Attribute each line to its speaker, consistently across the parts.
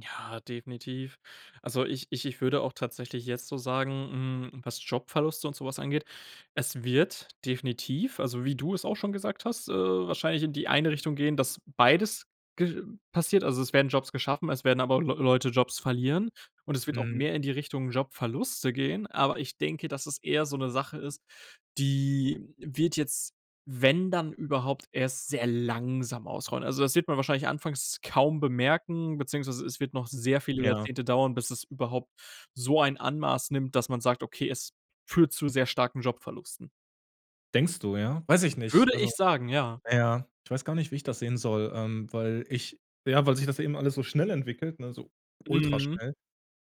Speaker 1: Ja, definitiv. Also, ich ich ich würde auch tatsächlich jetzt so sagen, hm, was Jobverluste und so was angeht, es wird definitiv, also, wie du es auch schon gesagt hast, äh, wahrscheinlich in die eine Richtung gehen, dass beides ge passiert. Also, es werden Jobs geschaffen, es werden aber Leu Leute Jobs verlieren und es wird auch
Speaker 2: Mhm.
Speaker 1: mehr in die Richtung Jobverluste gehen. Aber ich denke, dass es eher so 'ne Sache ist, die wird jetzt, wenn dann überhaupt, erst sehr langsam ausrollen. Also, das wird man wahrscheinlich anfangs kaum bemerken, beziehungsweise es wird noch sehr viele
Speaker 2: Ja.
Speaker 1: Jahrzehnte dauern, bis es überhaupt so ein Ausmaß nimmt, dass man sagt: „Okay, es führt zu sehr starken Jobverlusten.“
Speaker 2: Denkst du, ja? Weiß ich nicht.
Speaker 1: Würde
Speaker 2: Also
Speaker 1: ich sagen, ja.
Speaker 2: na ja, ich weiß gar nicht, wie ich das sehen soll, ähm, weil ich ja, weil sich das eben alles so schnell entwickelt, ne, so
Speaker 1: Mhm.
Speaker 2: ultraschnell.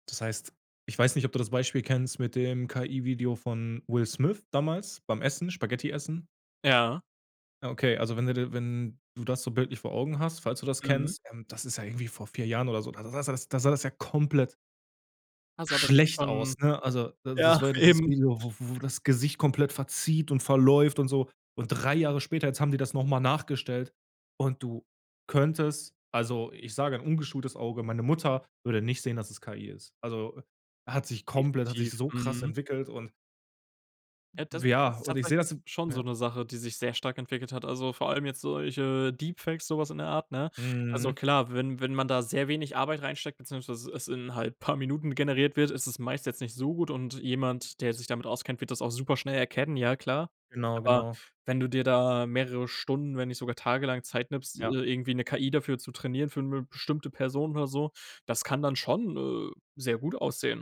Speaker 2: Das heißt, ich weiß nicht, ob du das Beispiel kennst mit dem KI-Video von Will Smith damals beim Essen, Spaghetti essen?
Speaker 1: Ja.
Speaker 2: Ja, okay, also wenn du de wenn du das so bildlich vor Augen hast, falls du das
Speaker 1: Mhm.
Speaker 2: kennst, ähm, das ist ja irgendwie vor 4 Jahren oder so, da da da sah das da sah das ja komplett
Speaker 1: Heißt aber, das
Speaker 2: schlecht
Speaker 1: kann
Speaker 2: aus,
Speaker 1: schon
Speaker 2: ne? Also,
Speaker 1: ja,
Speaker 2: das war ja dieses
Speaker 1: eben.
Speaker 2: Video, w wo das Gesicht komplett verzieht und verläuft und so. Und 3 Jahre später, jetzt haben die das noch mal nachgestellt und du könntest also, ich sage 'n ungeschultes Auge meine Mutter würde nicht sehen, dass es KI ist. Also, hat sich komplett hat sich
Speaker 1: Definitiv,
Speaker 2: so krass
Speaker 1: mhm.
Speaker 2: entwickelt und
Speaker 1: Ja, das
Speaker 2: W ja,
Speaker 1: ist
Speaker 2: und ich sehe
Speaker 1: tatsächlich
Speaker 2: das
Speaker 1: s schon so
Speaker 2: ja.
Speaker 1: 'ne Sache, die sich sehr stark entwickelt hat. Also, vor allem jetzt solche Deepfakes, sowas in der Art, ne? Also
Speaker 2: Mhm.
Speaker 1: klar, wenn wenn man da sehr wenig Arbeit reinsteckt, beziehungsweise es in halt paar Minuten generiert wird, ist es meist jetzt nicht so gut und jemand, der sich damit auskennt, wird das auch super schnell erkennen, ja klar.
Speaker 2: Genau,
Speaker 1: Aber,
Speaker 2: genau.
Speaker 1: wenn du dir da mehrere Stunden, wenn nicht sogar tagelang Zeit nimmst, äh,
Speaker 2: Ja.
Speaker 1: irgendwie 'ne KI dafür zu trainieren, für 'ne bestimmte Person oder so, das kann dann schon, äh, sehr gut aussehen.